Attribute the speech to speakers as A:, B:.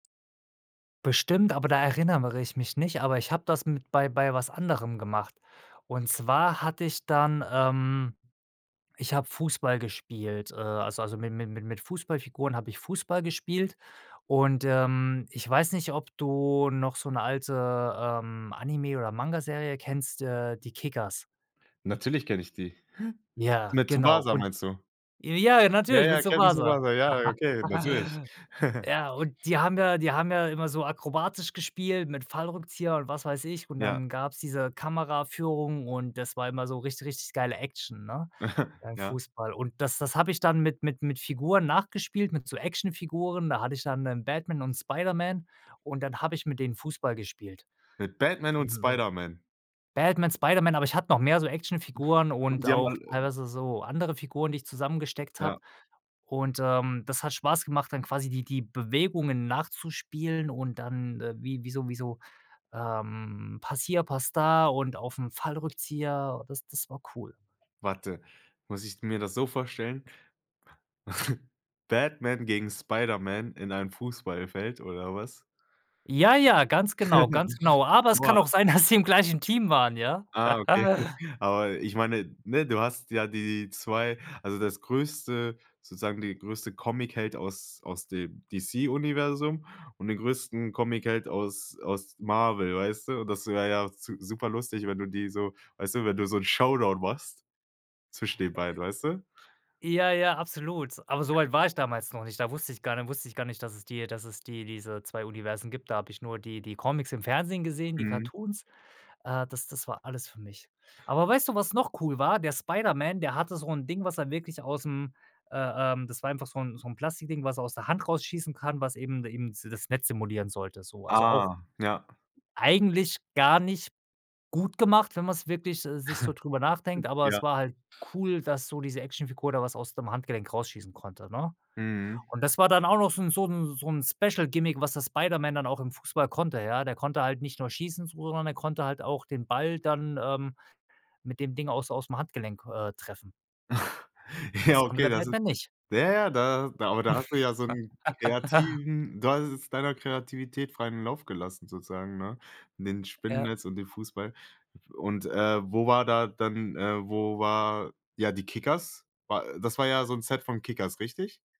A: Bestimmt, aber da erinnere ich mich nicht, aber ich habe das mit bei bei was anderem gemacht. Und zwar hatte ich dann, ähm ich habe Fußball gespielt, äh also also mi mi mi mit Fußballfiguren habe ich Fußball gespielt. Und, ähm, ich weiß nicht, ob du noch so 'ne alte, ähm, Anime oder Mangaserie kennst, äh, die Kickers.
B: Natürlich kenne ich die.
A: Ja,
B: Mit
A: genau
B: Tsubasa
A: und
B: meinst du?
A: ja,
B: Ja,
A: natürlich mit
B: ja, kenne
A: Tsubasa.
B: Tsubasa, ja, äh, okay, natürlich.
A: Ja, und die haben ja die haben ja immer so akrobatisch gespielt mit Fallrückzieher und was weiß ich und
B: Ja.
A: dann gab's diese Kameraführung und das war immer so richt richtig geile Action, ne, beim
B: Ja.
A: Fußball. Und das das habe ich dann mit mit mit Figuren nachgespielt mit so Actionfiguren, da hatte ich dann, ähm, Batman und Spider-Man und dann habe ich mit denen Fußball gespielt.
B: Mit Batman und Spider-Man.
A: Batman, Spider-Man. Aber ich hatte noch mehr so Actionfiguren
B: Und
A: und
B: die haben
A: auch
B: alle
A: teilweise so andere Figuren, die ich zusammengesteckt habe.
B: Ja.
A: Und, ähm, das hat Spaß gemacht, dann quasi die die Bewegungen nachzuspielen und dann, äh, wie wie so wie so, ähm Pass hier, Pass da und auf 'n Fallrückzieher, das das war cool.
B: Warte, muss ich mir das so vorstellen Batman gegen Spider-Man in einem Fußballfeld oder was?
A: Ja, ja, ganz genau ganz genau. Aber es kann
B: Boah.
A: auch sein, dass sie im gleichen Team waren, ja?
B: Ah, okay aber ich meine ne, du hast ja die 2 also das größte sozusagen die größte Comicheld aus aus dem DC Universum und den größten Comicheld aus aus Marvel, weißt du? Und das wäre ja zu super lustig, wenn du die so weißt du, wenn du so 'n Showdown machst zwischen den
A: Äh
B: beiden, weißt du?
A: Ja, ja, absolut. Aber so weit war ich damals noch nicht. Da wusste ich gar nicht wusste ich gar nicht, dass es die dass es die diese 2 Universen gibt. Da habe ich nur die die Comics im Fernsehen gesehen die
B: Mhm.
A: Cartoons. Äh, das das war alles für mich. Aber weißt du, was noch cool war? Der Spiderman, der hatte so 'n Ding, was er wirklich ausm, äh, ähm das war einfach so 'n so 'n Plastikding, was er aus der Hand rausschießen kann, was eben de eben das Netz simulieren sollte so. Also auch
B: Ah, ja.
A: eigentlich gar nicht gut gemacht, wenn man's wirklich s sich so drüber nachdenkt, aber
B: Ja.
A: es war halt cool, dass so diese Actionfigur da was aus dem Handgelenk rausschießen konnte, ne?
B: Mhm.
A: Und das war dann auch noch so 'n so 'n so 'n Special Gimmick, was das Spider-Man dann auch im Fußball konnte, ja. Der konnte halt nicht nur schießen, so sondern er konnte halt auch den Ball dann, ähm, mit dem Ding aus ausm Handgelenk, äh, treffen.
B: Ja,
A: Das konnte
B: okay,
A: der
B: das ist
A: Batman nicht.
B: ja, ja, da da aber da hast du ja so 'n kreativen du hast es deiner Kreativität freien Lauf gelassen sozusagen, ne? In den
A: Ja.
B: Spinnennetz und den Fußball. Und, äh, wo war da dann äh, wo war, ja, die Kickers? War das war ja so 'n Set von Kickers, richtig?